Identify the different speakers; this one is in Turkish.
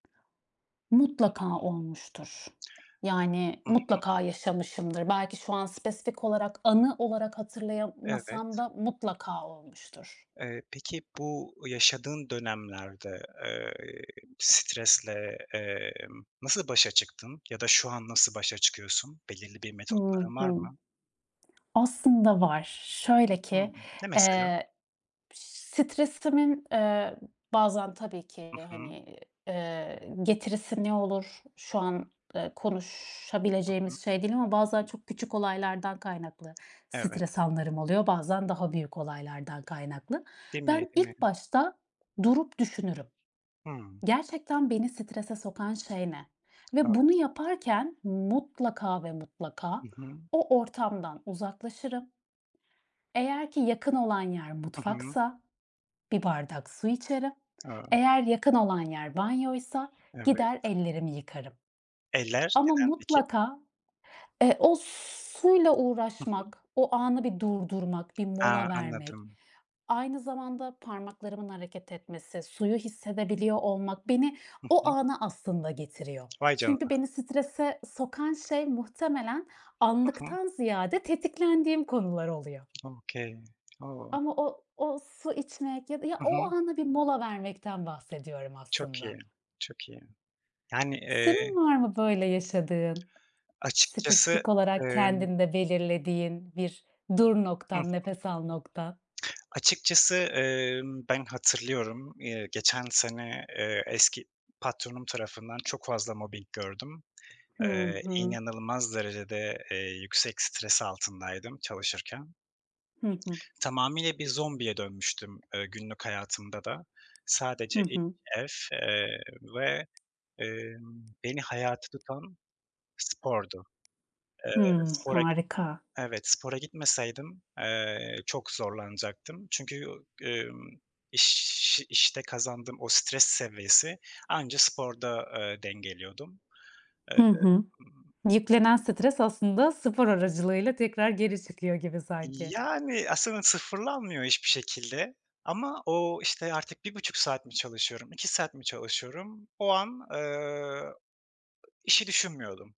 Speaker 1: Mutlaka olmuştur. Yani,
Speaker 2: Hı hı.
Speaker 1: mutlaka yaşamışımdır. Belki şu an spesifik olarak, anı olarak hatırlayamasam
Speaker 2: Evet.
Speaker 1: da mutlaka olmuştur.
Speaker 2: Eee, peki, bu yaşadığın dönemlerde, eee, iii, stresle, emm, nasıl başa çıktın? Ya da şu an nasıl başa çıkıyorsun? Belirli bir
Speaker 1: Hı
Speaker 2: metotların var
Speaker 1: hı.
Speaker 2: mı?
Speaker 1: Aslında var. Şöyle
Speaker 2: Hıı.
Speaker 1: ki,
Speaker 2: Ne mesela?
Speaker 1: eee, piş stresimin, eee, bazen tabii
Speaker 2: Hı
Speaker 1: ki
Speaker 2: hı.
Speaker 1: hani, eee, getirisi ne olur şu an, eee,
Speaker 2: Hı hı.
Speaker 1: konuşabileceğimiz şey değil ama bazen çok küçük olaylardan kaynaklı
Speaker 2: Evet.
Speaker 1: stres anlarım oluyor, bazen daha büyük olaylardan kaynaklı.
Speaker 2: Değil mi,
Speaker 1: Ben
Speaker 2: değil mi?
Speaker 1: ilk başta durup düşünürüm:
Speaker 2: Hımm.
Speaker 1: Gerçekten beni strese sokan şey ne? Ve bunu
Speaker 2: Evet.
Speaker 1: yaparken mutlaka ve mutlaka
Speaker 2: Hı hı.
Speaker 1: o ortamdan uzaklaşırım ...eğer ki yakın olan yer
Speaker 2: Hı hı.
Speaker 1: mutfaksa bir bardak su içerim;
Speaker 2: A!
Speaker 1: eğer yakın olan yer banyoysa gider
Speaker 2: Evet.
Speaker 1: ellerimi yıkarım.
Speaker 2: Eller,
Speaker 1: Ama
Speaker 2: neden peki?
Speaker 1: mutlaka, eee, o s suyla
Speaker 2: Hı hı.
Speaker 1: uğraşmak, o anı bir durdurmak, bir
Speaker 2: A,
Speaker 1: mola vermek,
Speaker 2: anladım.
Speaker 1: aynı zamanda parmaklarımın hareket etmesi, suyu hissedebiliyor olmak beni
Speaker 2: Hı
Speaker 1: o
Speaker 2: hı.
Speaker 1: ana aslında getiriyor.
Speaker 2: Vay
Speaker 1: Çünkü
Speaker 2: canına!
Speaker 1: beni strese sokan şey, muhtemelen
Speaker 2: Hı hı.
Speaker 1: anlıktan ziyade tetiklendiğim konular oluyor.
Speaker 2: Okay. O!
Speaker 1: Ama o o su içmek ya da ya,
Speaker 2: Hı
Speaker 1: o
Speaker 2: hı.
Speaker 1: ana bir mola vermekten bahsediyorum
Speaker 2: Çok iyi,
Speaker 1: aslında.
Speaker 2: çok iyi. Yani, eee
Speaker 1: Senin var mı böyle yaşadığın,
Speaker 2: açıkçası,
Speaker 1: spesifik olarak
Speaker 2: emm
Speaker 1: kendinde belirlediğin bir "dur"
Speaker 2: I
Speaker 1: noktan;
Speaker 2: hı.
Speaker 1: "nefes al" noktan?
Speaker 2: Açıkçası, emm, ben hatırlıyorum, eee, geçen sene, eee, eski patronum tarafından çok fazla mobbing gördüm.
Speaker 1: Hı
Speaker 2: Eee,
Speaker 1: hı.
Speaker 2: inanılmaz derecede, eee, yüksek stres altındaydım çalışırken.
Speaker 1: Hı hı.
Speaker 2: Tamamıyla bir zombiye dönmüştüm, eee, günlük hayatımda da. Sadece
Speaker 1: Hı
Speaker 2: iş,
Speaker 1: hı.
Speaker 2: ev, eee, ve, emm, beni hayatta tutan spordu. Eee,
Speaker 1: Hımm,
Speaker 2: spora git
Speaker 1: harika.
Speaker 2: Evet, spora gitmeseydim, eee, çok zorlanacaktım. Çünkü, u ımm, iş işte kazandığım o stres seviyesi anca sporda, eee, dengeliyordum. Eee,
Speaker 1: Hı hı.
Speaker 2: ımm
Speaker 1: Yüklenen stres aslında spor aracılığıyla tekrar geri çıkıyor gibi
Speaker 2: İii,
Speaker 1: sanki.
Speaker 2: yani, aslında sıfırlanmıyor hiçbir şekilde. Ama o, işte, artık 1,5 saat mi çalışıyorum, 2 saat mi çalışıyorum, o an, ııı, işi düşünmüyordum.